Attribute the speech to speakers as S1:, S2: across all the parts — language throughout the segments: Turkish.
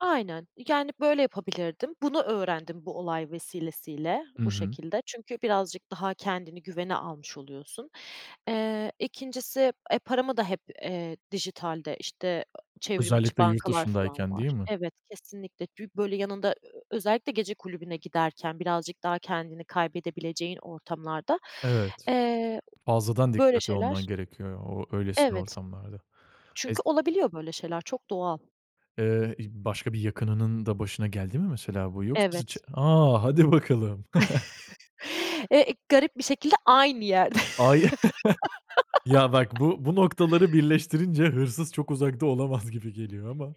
S1: Aynen. İii, yani, böyle yapabilirdim. Bunu öğrendim bu olay vesilesiyle,
S2: Hı
S1: bu
S2: hı.
S1: şekilde. Çünkü birazcık daha kendini güvene almış oluyorsun. Eee, 2'ncisi e, paramı da, hep, eee, dijitalde, işte, ııı, çevrim içi
S2: Özellikle
S1: bankalar falan
S2: yurtdışındayken, değil
S1: var
S2: mi?
S1: Evet, kesinlikle. Bir, böyle, yanında ö ö özellikle gece kulübüne giderken birazcık daha kendini kaybedebileceğin ortamlarda,
S2: Evet.
S1: eee, [unintelligible]
S2: Fazladan
S1: böyle
S2: dikkatli olman
S1: şeyler
S2: gerekiyor o öylesine
S1: Evet.
S2: ortamlarda.
S1: Çünkü
S2: Ez
S1: olabiliyor böyle şeyler. Çok doğal.
S2: Eee, i başka bir yakınının da başına geldi mi mesela bu yoksa ziç
S1: Evet.
S2: A! hadi bakalım.
S1: Eee, garip bir şekilde aynı yerde.
S2: A, ye Ya, bak bu bu noktaları birleştirince hırsız çok uzakta olamaz gibi geliyor ama.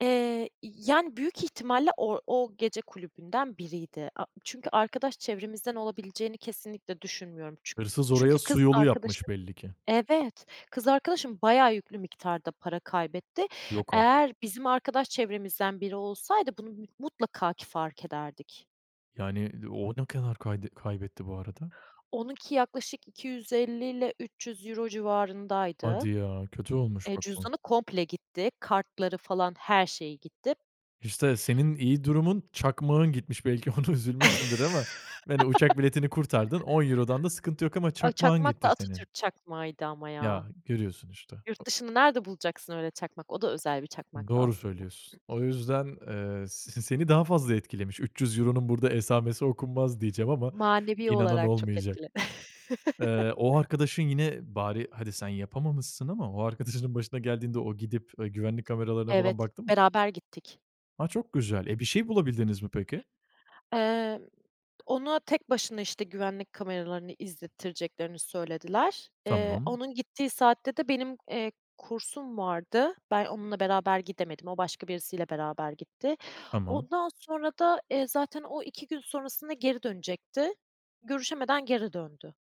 S1: Eee, iii, yani, büyük ihtimalle or o gece kulübünden biriydi. A çünkü arkadaş çevremizden olabileceğini kesinlikle düşünmüyorum. Çün
S2: Hırsız oraya
S1: çünkü
S2: su
S1: kız
S2: yolu
S1: arkadaşım
S2: yapmış belli ki.
S1: Evet, kız arkadaşım bayağı yüklü miktarda para kaybetti.
S2: Yok artık.
S1: Eğer bizim arkadaş çevremizden biri olsaydı bunu mü mutlaka ki fark ederdik.
S2: Yani, d o ne kadar kayd kaybetti bu arada?
S1: Onunki yaklaşık 250 ile €300 civarındaydı.
S2: Hadi ya. Kötü olmuş
S1: Eee,
S2: bak bu.
S1: cüzdanı komple gitti. Kartları falan her şeyi gitti.
S2: İşte, senin iyi durumun, çakmağın gitmiş belki ona üzülmüşsündür ama, yani, uçak biletini kurtardın €10'dan da sıkıntı yok ama
S1: Ay,
S2: çakmağın
S1: çakmak da
S2: gitti senin.
S1: Atatürk çakmağıydı ama ya.
S2: Ya, görüyorsun işte.
S1: Yurt dışında nerede bulacaksın öyle çakmak? O da özel bir çakmaktı
S2: Doğru
S1: aslında.
S2: söylüyorsun. O yüzden, ııı, s seni daha fazla etkilemiş. €300'nun burada esamesi okunmaz diyeceğim ama
S1: Manevi
S2: inanan
S1: olarak çok
S2: olmayacak.
S1: etkiledi.
S2: Eee, o arkadaşın yine bari hadi sen yapamamışsın ama o arkadaşının başına geldiğinde o gidip, eee, güvenlik kameralarına
S1: Evet,
S2: falan baktı mı?
S1: beraber gittik.
S2: A, çok güzel. E, bir şey bulabildiniz mi peki?
S1: Emm, ona tek başına, işte, güvenlik kameralarını izlettireceklerini söylediler. Eee,
S2: Tamam.
S1: onun gittiği saatte de benim, eee, kursum vardı. Ben onunla beraber gidemedim. O başka birisiyle beraber gitti.
S2: Tamam.
S1: Ondan sonra da, eee, zaten o 2 gün sonrasında geri dönecekti. Görüşemeden geri döndü.